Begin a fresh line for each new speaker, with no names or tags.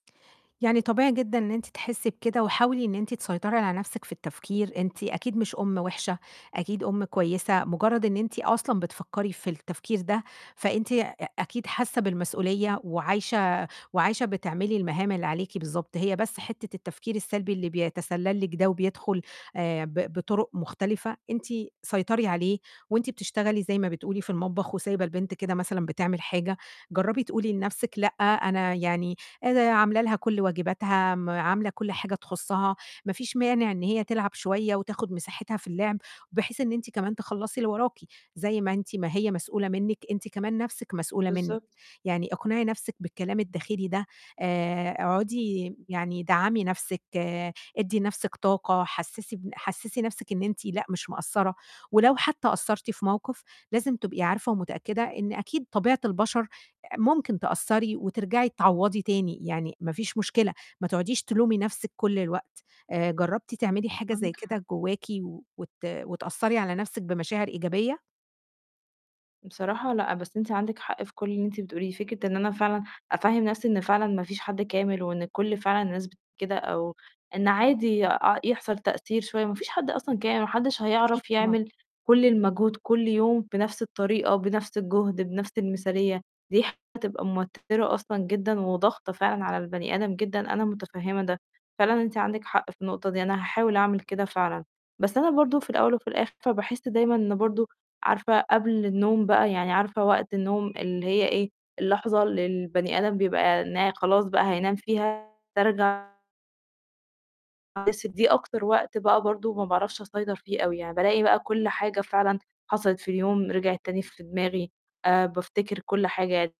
يعني طبيعي جدًا إن أنتِ تحسّي بكده، وحاولي إن أنتِ تسيطري على نَفْسِك في التفكير، أنتِ أكيد مش أُمّ وحشة، أكيد أُمّ كويّسة، مجرّد إن أنتِ أصلًا بتفكّري في التفكير ده، فأنتِ أ أكيد حاسّة بالمسؤولية، وعايشة وعايشة بتعملي المهام اللي عليكِ بالضبط. هي بس حتّة التفكير السلبي اللي بيَتَسَلّل لِك ده وبيدخل آآ، ب بطُرُق مختلفة، أنتِ سيطري عليه، وأنتِ بتشتغلي زي ما بتقولي في المطبخ، وسايبة البنت كده مثلًا بتعمل حاجة، جرّبي تقولي لنَفْسِك لأ، أنا يعني أنا عاملة لها كُلّ واجباتها، آمم، عاملة كُلّ حاجة تخصّها، ما فيش مانع إن هي تلعب شويّة وتاخد مساحتها في اللعب، بحيث إن أنتِ كمان تخلّصي اللي وراكِ، زي ما أنت ما هي مسؤولة منِّك، أنتِ كمان نَفْسِك مسؤولة منِّك.
بالضبط.
يعني اقنعي نَفْسِك بالكلام الداخلي ده، آآ، اقعدي يعني دعّمي نَفْسِك، ادّي نَفْسِك طاقة، حسّسي بن حسّسي نَفْسِك إن أنتِ لأ مش مقصّرة، ولو حتّى قصّرتي في موقف لازم تبقي عارفة ومتأكدة إن أكيد طبيعة البشر أ ممكن تقصّري وترجعي تعوّضي تاني، يعني ما فيش مشكلة، ما تقعديش تلومي نَفْسِك كُلّ الوقت. آآ، جرّبتِ تعملي حاجة زي
عندِك حق.
كده جواكِ وت وتأثّري على نَفْسِك بمشاعر إيجابية؟
بصراحة لأ، بس أنتِ عندك حق في كُلّ اللي أنتِ بتقوليه، فكرة إن أنا فعلًا أفهِّم نَفْسي إن فعلًا ما فيش حد كامل، وإن كُلّ فعلًا الناس بت كده، أو إن عادي أ يحصل تأثير شويّة، ما فيش حد أصلًا كا ما حدّش
أكيد
هيعرف
طبعًا.
يعمل كُلّ المجهود كُلّ يوم بنَفْس الطريقة، وبنَفْس الجهد، بنَفْس المثالية، دي حتبقى موتِّرة أصلًا جدًا، وضاغطة فعلًا على البني آدم جدًا، أنا مُتَفَهِّمة ده. فعلًا أنتِ عندِك حق في النقطة دي، أنا هاحاول أعمل كده فعلًا، بس أنا برضه في الأوّل وفي الآخر باحس دايمًا إن برضه عارفة قبل النوم بقى، يعني عارفة وقت النوم اللي هي إيه، اللحظة اللي البني آدم بيبقى إن هي خلاص بقى هينام فيها ترجع [unintelligible] بس دي أكتر وقت بقى برضه ما باعرفش أسيطر فيه أوي، يعني بالاقي بقى كُلّ حاجة فعلًا حصلت في اليوم، رجعت تاني في دماغي، آآ، بافتكر كُلّ حاجة يعني.